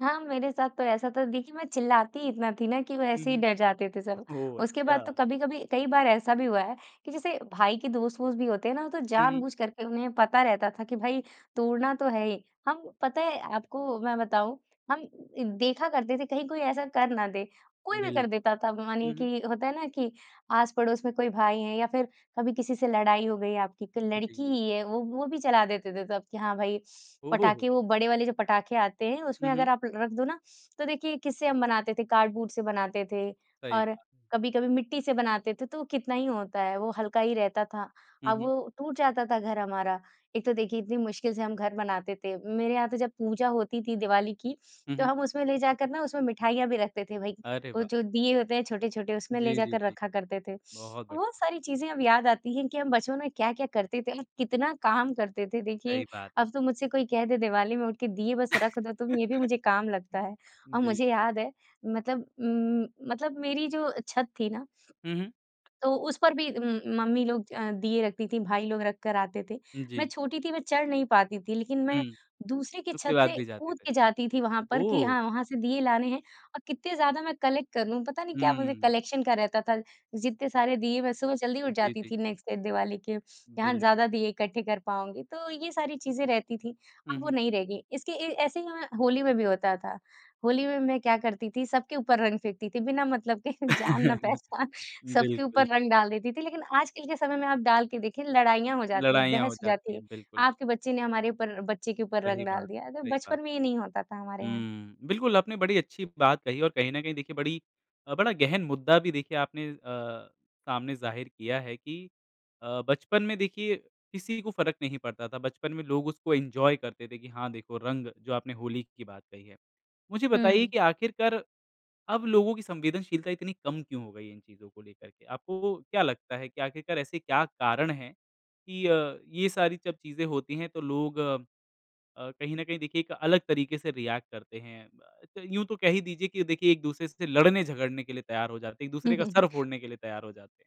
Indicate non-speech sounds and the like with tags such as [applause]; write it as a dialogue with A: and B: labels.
A: हाँ, मेरे साथ तो ऐसा था, देखिए, मैं चिल्लाती ही इतना थी ना कि वो
B: हुँ,
A: ऐसे ही डर जाते थे सब।
B: हुँ। ओह
A: उसके बाद तो
B: अच्छा!
A: कभी-कभी कई बार ऐसा भी हुआ है, कि जैसे भाई के दोस्त-वोस्त भी होते हैं ना, तो
B: हुँ, हुँ।
A: जानबूझ करके उन्हें पता रहता था कि भाई तोड़ना तो है ही, हम पता है आपको मैं बताऊँ हम इ देखा करते थे कहीं कोई ऐसा कर ना दे, कोई भी कर
B: बिल्क
A: देता था।
B: हुँ,
A: मानिए
B: हुँ।
A: कि होता है ना कि आस-पड़ोस में कोई भाई हैं या फिर कभी किसी से लड़ाई हो गई है आपकी, क
B: जी।
A: लड़की ही है, वो वो भी चला देते थे सब कि हाँ, भाई
B: ओह हो हो!
A: पटाखे वो बड़े वाले जो पटाखे आते हैं,
B: हुँ,
A: उसमें अगर
B: हुँ।
A: आप ल रख दो ना तो देखिए, किससे हम बनाते थे, कार्डबोर्ड से बनाते थे।
B: सही
A: और
B: बात।
A: कभी-कभी मिट्टी से बनाते थे, तो वो कितना ही होता है, वो हल्का ही रहता था,
B: हुँ,
A: अब
B: हुँ।
A: वो टूट जाता था घर हमारा। एक तो देखिए इतनी मुश्किल से हम घर बनाते थे, मेरे यहाँ तो जब पूजा होती थी दिवाली की,
B: हुँ,
A: तो
B: हुँ।
A: हम उसमें ले जाकर ना उसमें मिठाइयाँ भी रखते थे, भाई,
B: अरे
A: वो
B: वाह!
A: जो दीये होते हैं छोटे-छोटे, उसमें ले
B: जी, जी,
A: जाकर
B: जी।
A: रखा करते थे।
B: बहुत बढ़िया।
A: वो सारी चीज़ें अब याद आती हैं कि हम बचपन में क्या-क्या करते थे और कितना काम करते थे।
B: सही
A: देखिए,
B: बात है।
A: अब तो मुझसे कोई कह दे दीवाली में उठ के दीये बस रख दो तुम, ये भी मुझे काम लगता है,
B: [laughs]
A: और मुझे
B: बिल्कुल।
A: याद है मतलब उम, मतलब मेरी जो अ, छत थी ना
B: हुँ, हुँ।
A: तो उस पर भी उम, मम्मी लोग अ, दीये रखती थी, भाई लोग रख कर आते थे। मैं
B: जी।
A: छोटी थी मैं चढ़ नहीं पाती थी लेकिन मैं
B: हुँ।
A: दूसरे की
B: उसके
A: छत
B: बाद
A: से
B: भी जाते
A: कूद
B: रहे।
A: के जाती थी वहाँ पर कि
B: ओह!
A: हाँ, वहाँ से दीये लाने हैं और कित्ते ज़्यादा मैं कलेक्ट कर लूँ, पता नहीं क्या मुझे
B: हुँ।
A: कलेक्शन का रहता था। जित्ते सारे दीये मैं सुबह जल्दी उठ
B: जी,
A: जाती
B: जी।
A: थी नेक्स्ट डे दिवाली के, कि हाँ,
B: बिल
A: ज़्यादा दीये इकट्ठे कर पाऊँगी, तो ये सारी चीज़ें रहती थी।
B: हुँ,
A: अब वो
B: हुँ।
A: नहीं रह गई, इसके ए ऐसे ही हमें होली में भी होता था, होली में मैं क्या करती थी? सबके ऊपर रंग फेंकती थी बिना मतलब के जान ना
B: [chuckles]
A: पहचान सबके
B: बिल्कुल।
A: ऊपर रंग डाल देती थी। लेकिन आजकल के समय में आप डाल के देखिए लड़ाइयाँ हो जाती है,
B: लड़ाइयाँ हो
A: बहस हो
B: जाती
A: जाती
B: है,
A: है,
B: बिल्कुल।
A: आपके बच्चे ने हमारे ऊपर बच्चे के ऊपर
B: सही
A: रंग डाल
B: बात है,
A: दिया, तो
B: सही बात
A: बचपन में ये नहीं होता था हमारे
B: है।
A: यहाँ।
B: हुँ, बिल्कुल आपने बड़ी अच्छी बात कही और कहीं न कहीं देखिए बड़ी अ, बड़ा गहन मुद्दा भी देखिए आपने अ, सामने ज़ाहिर किया है कि अ, बचपन में देखिए किसी को फ़र्क नहीं पड़ता था, बचपन में लोग उसको एन्जॉय करते थे, कि हाँ, देखो रंग जो आपने होली की बात कही है। मुझे बताइए
A: हुँ।
B: कि आखिरकार अब लोगों की संवेदनशीलता इतनी कम क्यों हो गई इन चीज़ों को लेकर के? आपको क्या लगता है कि आखिरकार ऐसे क्या कारण हैं, कि अ, ये सारी जब चीज़ें होती हैं, तो लोग अ, कहीं न कहीं देखिए, एक अलग तरीके से रिएक्ट करते हैं? अ, त यूँ तो कह ही दीजिए कि देखिए एक-दूसरे से लड़ने-झगड़ने के लिए तैयार हो जाते, एक-दूसरे का सर
A: [chuckles]
B: फोड़ने के लिए तैयार हो जाते हैं।